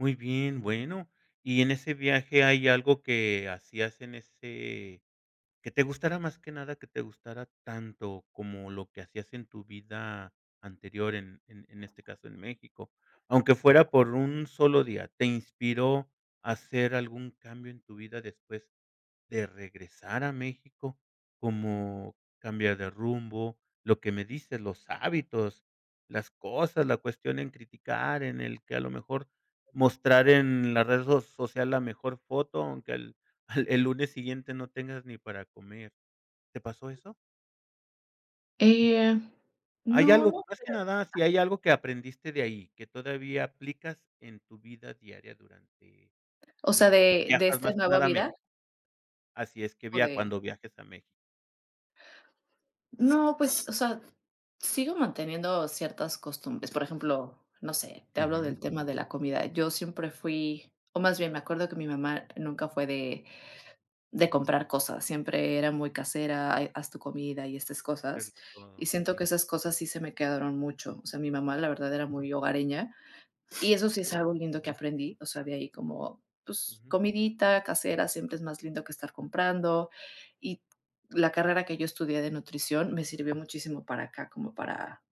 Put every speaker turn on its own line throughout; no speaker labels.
Muy bien, bueno, y en ese viaje hay algo que hacías en ese que te gustara más que nada, que te gustara tanto como lo que hacías en tu vida anterior, en en en este caso en México, aunque fuera por un solo día. ¿Te inspiró hacer algún cambio en tu vida después de regresar a México? Como cambiar de rumbo, lo que me dices, los hábitos, las cosas, la cuestión en criticar, en el que a lo mejor mostrar en la red so social la mejor foto, aunque el el lunes siguiente no tengas ni para comer. ¿Te pasó eso?
Eh,
¿Hay
no,
algo
no
más que nada, si
creo.
hay algo que aprendiste de ahí que todavía aplicas en tu vida diaria durante,
O sea,
eh,
¿de de
viajes,
esta
más que
nueva
nada a Méxi
vida?
Así es, que
¿O
via
de?
cuando viajes a México.
No, pues, o sea, sigo manteniendo ciertas costumbres. Por ejemplo, no sé, te hablo
Ujú.
del tema de la comida. Yo siempre fui o más bien me acuerdo que mi mamá nunca fue de de comprar cosas, siempre era muy casera, ha haz tu comida y estas
Que
cosas.
rico,
Y siento
sí.
que esas cosas sí se me quedaron mucho. O sea, mi mamá la verdad era muy hogareña y eso sí es algo lindo que aprendí. O sea, de ahí como, pues,
Ujú.
comidita casera siempre es más lindo que estar comprando. Y la carrera que yo estudié de nutrición me sirvió muchísimo para acá como para,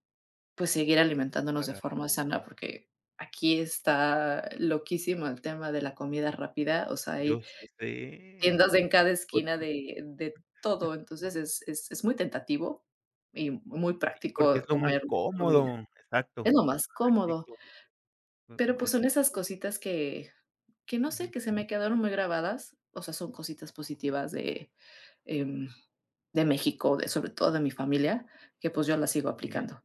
pues, seguir alimentándonos de
Parara.
forma sana, porque aquí está loquísimo el tema de la comida rápida. O sea,
Yo
hay
sé,
tiendas en cada
por
esquina
tus
de de todo. Entonces, es es es muy tentativo y muy
Sí, porque es
práctico
lo más
comer comida.
cómodo, exacto,
Es lo más cómodo.
práctico, u
Pero,
ma
pues, son esas
exacto.
cositas que que no sé,
Ujú.
que se me quedaron muy grabadas. O sea, son cositas positivas de, em, de México, de sobre todo de mi familia, que, pues, yo las sigo
Muy bien.
aplicando.